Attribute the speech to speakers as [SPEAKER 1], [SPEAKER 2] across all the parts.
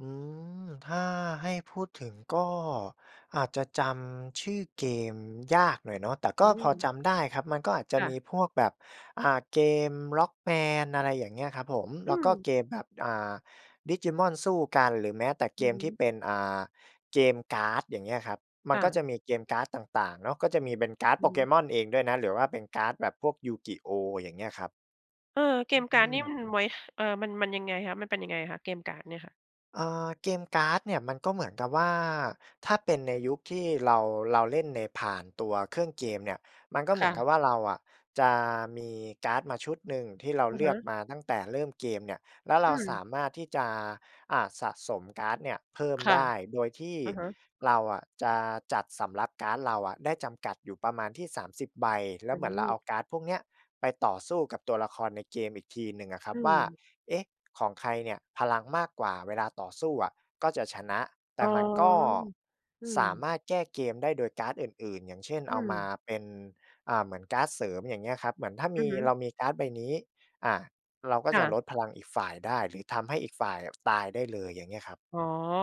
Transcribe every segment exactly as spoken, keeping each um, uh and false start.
[SPEAKER 1] อืม ถ้าให้พูดถึง ก็อาจจะจำชื่อเกมยากหน่อยเนาะ แต่ก
[SPEAKER 2] อ
[SPEAKER 1] ็
[SPEAKER 2] ื
[SPEAKER 1] พอ
[SPEAKER 2] ม
[SPEAKER 1] จำได้ครับ มันก็อาจจะ
[SPEAKER 2] ค่
[SPEAKER 1] มี
[SPEAKER 2] ะ
[SPEAKER 1] พวกแบบ อ่า เกม Rockman อะไรอย่างเงี้ยครับผม แ
[SPEAKER 2] อ
[SPEAKER 1] ล้ว
[SPEAKER 2] ื
[SPEAKER 1] ก็
[SPEAKER 2] อ
[SPEAKER 1] เกมแบบ อ่า Digimon สู้กัน หรือแม้แต่เ
[SPEAKER 2] อ
[SPEAKER 1] ก
[SPEAKER 2] ือ
[SPEAKER 1] ม
[SPEAKER 2] ฮ
[SPEAKER 1] ที่
[SPEAKER 2] ึ
[SPEAKER 1] เป็น อ่า เกมการ์ด อย่างเงี้ยครับ มั
[SPEAKER 2] ค
[SPEAKER 1] น
[SPEAKER 2] ่
[SPEAKER 1] ก็
[SPEAKER 2] ะ
[SPEAKER 1] จะมีเกมการ์ดต่าง ๆ เนาะ ก็จะมีเป็นการ์ด
[SPEAKER 2] อือฮึ
[SPEAKER 1] Pokémon เองด้วยนะ หรือว่าเป็นการ์ดแบบพวก YuGiOh อย่างเงี้ยครับ
[SPEAKER 2] เออ เก
[SPEAKER 1] อื
[SPEAKER 2] ม
[SPEAKER 1] ม
[SPEAKER 2] การ์ด
[SPEAKER 1] หนึ
[SPEAKER 2] นี
[SPEAKER 1] ่
[SPEAKER 2] ่
[SPEAKER 1] ง
[SPEAKER 2] มันไว้ เอ่อ มัน มันยังไงคะ มันเป็นยังไงคะ เกมการ์ดเนี่ยค่ะ?
[SPEAKER 1] อ่า เกมการ์ดเนี่ย มันก็เหมือนกับว่า ถ้าเป็นในยุคที่ เรา เราเล่นใน ผ่านตัวเครื่องเกมเนี่ย มันก็เ
[SPEAKER 2] ค
[SPEAKER 1] หมื
[SPEAKER 2] ่
[SPEAKER 1] อน
[SPEAKER 2] ะ
[SPEAKER 1] กับว่า เราอะจะมีการ์ดมาชุดหนึ่ง ที่เรา
[SPEAKER 2] อะ
[SPEAKER 1] เลื
[SPEAKER 2] ฮ
[SPEAKER 1] อก
[SPEAKER 2] ะ
[SPEAKER 1] มาตั้งแต่เริ่มเกมเนี่ย แล้วเร
[SPEAKER 2] อ
[SPEAKER 1] าส
[SPEAKER 2] ือ
[SPEAKER 1] ามารถที่จะ อ่า สะสมการ์ดเนี่ยเพิ่ม
[SPEAKER 2] ค่
[SPEAKER 1] ได
[SPEAKER 2] ะ
[SPEAKER 1] ้ โดยที่
[SPEAKER 2] อะฮะ
[SPEAKER 1] เราอะจะจัดสำรับการ์ดเราอะได้จำกัดอยู่ประมาณที่ สามสิบ ใบ แล้
[SPEAKER 2] อื
[SPEAKER 1] ว
[SPEAKER 2] ้
[SPEAKER 1] เ
[SPEAKER 2] อ
[SPEAKER 1] หมื
[SPEAKER 2] ฮ
[SPEAKER 1] อน
[SPEAKER 2] ื
[SPEAKER 1] เราเอ
[SPEAKER 2] อ
[SPEAKER 1] าการ์ดพวกเนี้ยไปต่อสู้กับตัวละครในเกมอีกทีหนึ่งอะครั
[SPEAKER 2] อื
[SPEAKER 1] บว่า
[SPEAKER 2] ม
[SPEAKER 1] เอ๊ะ ของใครเนี่ยพลังมากกว่าเวลาต่อสู้อะ ก็จะชนะ แต
[SPEAKER 2] อ
[SPEAKER 1] ่
[SPEAKER 2] ๋อ
[SPEAKER 1] มันก็
[SPEAKER 2] อื
[SPEAKER 1] สาม
[SPEAKER 2] ม
[SPEAKER 1] ารถแก้เกมได้โดยการ์ดอื่น ๆ อย่างเช่น
[SPEAKER 2] อื
[SPEAKER 1] เอามา
[SPEAKER 2] อ
[SPEAKER 1] เป็น อ่า เหมือนการ์ดเสริม อย่างเงี้ยครับ เหมือนถ้าม
[SPEAKER 2] อื
[SPEAKER 1] ี
[SPEAKER 2] อฮึ
[SPEAKER 1] เรามีการ์ดใบนี้ อา เราก็
[SPEAKER 2] ค
[SPEAKER 1] จ
[SPEAKER 2] ่
[SPEAKER 1] ะล
[SPEAKER 2] ะ
[SPEAKER 1] ดพลังอีกฝ่ายได้ หรือทำให้อีกฝ่ายอะตายได้เลย อย่างเงี้ยครับ
[SPEAKER 2] อ๋อ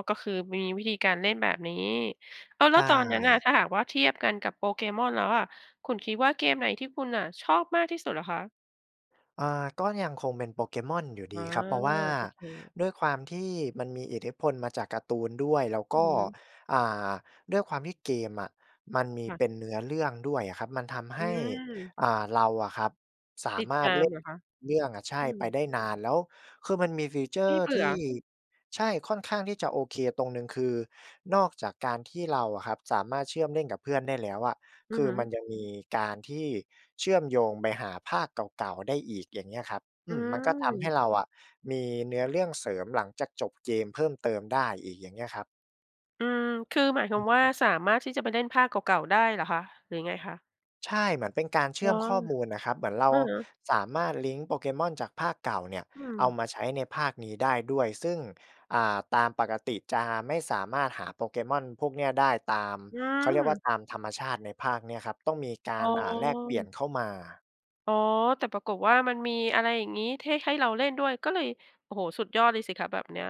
[SPEAKER 2] ก็คือมีวิธีการเล่นแบบนี้ อ้าว
[SPEAKER 1] ใ
[SPEAKER 2] แ
[SPEAKER 1] ช
[SPEAKER 2] ล้วตอนนั้นอะ
[SPEAKER 1] ่
[SPEAKER 2] ถ้าหากว่าเทียบกันกับ Pokémon แล้วอะ คุณคิดว่าเกมไหนที่คุณอะชอบมากที่สุดเหรอคะ?
[SPEAKER 1] อ่า ก็ยังคงเป็น Pokémon อยู่ด
[SPEAKER 2] อ
[SPEAKER 1] ี
[SPEAKER 2] า
[SPEAKER 1] ครับ เพราะว่า
[SPEAKER 2] โอเค
[SPEAKER 1] ด้วยความที่มันมีอิทธิพลมาจากการ์ตูนด้วย แล้ว
[SPEAKER 2] อื
[SPEAKER 1] ก
[SPEAKER 2] อ
[SPEAKER 1] ็
[SPEAKER 2] ฮึ
[SPEAKER 1] อ่า ด้วยความที่เกมอะมันมี
[SPEAKER 2] ค่ะ
[SPEAKER 1] เป็นเนื้อเรื่องด้วยอะครับ มันทำให
[SPEAKER 2] อื
[SPEAKER 1] ้
[SPEAKER 2] อ
[SPEAKER 1] อ่า เราอะครับ สา
[SPEAKER 2] ติด
[SPEAKER 1] มา
[SPEAKER 2] ต
[SPEAKER 1] รถ
[SPEAKER 2] า
[SPEAKER 1] เล
[SPEAKER 2] ม
[SPEAKER 1] ่
[SPEAKER 2] เ
[SPEAKER 1] น
[SPEAKER 2] หรอคะ?
[SPEAKER 1] เรื่องอะ ใช่
[SPEAKER 2] อื
[SPEAKER 1] ไป
[SPEAKER 2] ม
[SPEAKER 1] ได้นาน แล้วคือมันมี ฟีเชอ
[SPEAKER 2] ไม
[SPEAKER 1] ร
[SPEAKER 2] ่
[SPEAKER 1] ์
[SPEAKER 2] เบ
[SPEAKER 1] ท
[SPEAKER 2] ื
[SPEAKER 1] ี
[SPEAKER 2] ่อ
[SPEAKER 1] ่ ใช่ ค่อนข้างที่จะโอเคตรงหนึ่ง คือนอกจากการที่เราอะครับ สามารถเชื่อมเล่นกับเพื่อนได้แล้วอะ
[SPEAKER 2] อื
[SPEAKER 1] ค
[SPEAKER 2] อ
[SPEAKER 1] ือ
[SPEAKER 2] ฮึ
[SPEAKER 1] มันยังมีการที่เชื่อมโยงไปหาภาคเก่า ๆ ได้อีก อย่างเงี้ยครับ อ
[SPEAKER 2] อ
[SPEAKER 1] ื
[SPEAKER 2] ื
[SPEAKER 1] ม มันก็ทำให้
[SPEAKER 2] ม
[SPEAKER 1] เราอะมีเนื้อเรื่องเสริมหลังจากจบเกมเพิ่มเติมได้อีก อย่างเงี้ยครับ
[SPEAKER 2] อืม คือหมายความว่า สามารถที่จะไปเล่นภาคเก่า ๆ ได้เหรอคะ หรือยังไงคะ?
[SPEAKER 1] ใช่ เหมือนเป็นการเชื่
[SPEAKER 2] ว
[SPEAKER 1] อม
[SPEAKER 2] ๊า
[SPEAKER 1] ข้อมูลน่ะครับ เหมือนเรา
[SPEAKER 2] อะฮะ
[SPEAKER 1] สามารถลิงก์ Pokémon จากภาคเก่าเนี่ย
[SPEAKER 2] อื
[SPEAKER 1] เอา
[SPEAKER 2] ม
[SPEAKER 1] มาใช้ในภาคนี้ได้ด้วย ซึ่ง อ่า ตามปกติจะไม่สามารถหา Pokémon พวกเนี่ยได้ตาม
[SPEAKER 2] อื
[SPEAKER 1] เขาเรียกว่
[SPEAKER 2] ม
[SPEAKER 1] า ตามธรรมชาติในภาคเนี้ยครับ ต้องมีกา
[SPEAKER 2] อ๋
[SPEAKER 1] ร อ่า แลกเปลี่ยน
[SPEAKER 2] อ
[SPEAKER 1] เข้ามา
[SPEAKER 2] อ๋อ แต่ปรากฏว่า มันมีอะไรอย่างงี้ ให้ ให้เราเล่นด้วย ก็เลย โอ้โฮ สุดยอดเลยสิคะแบบเนี้ย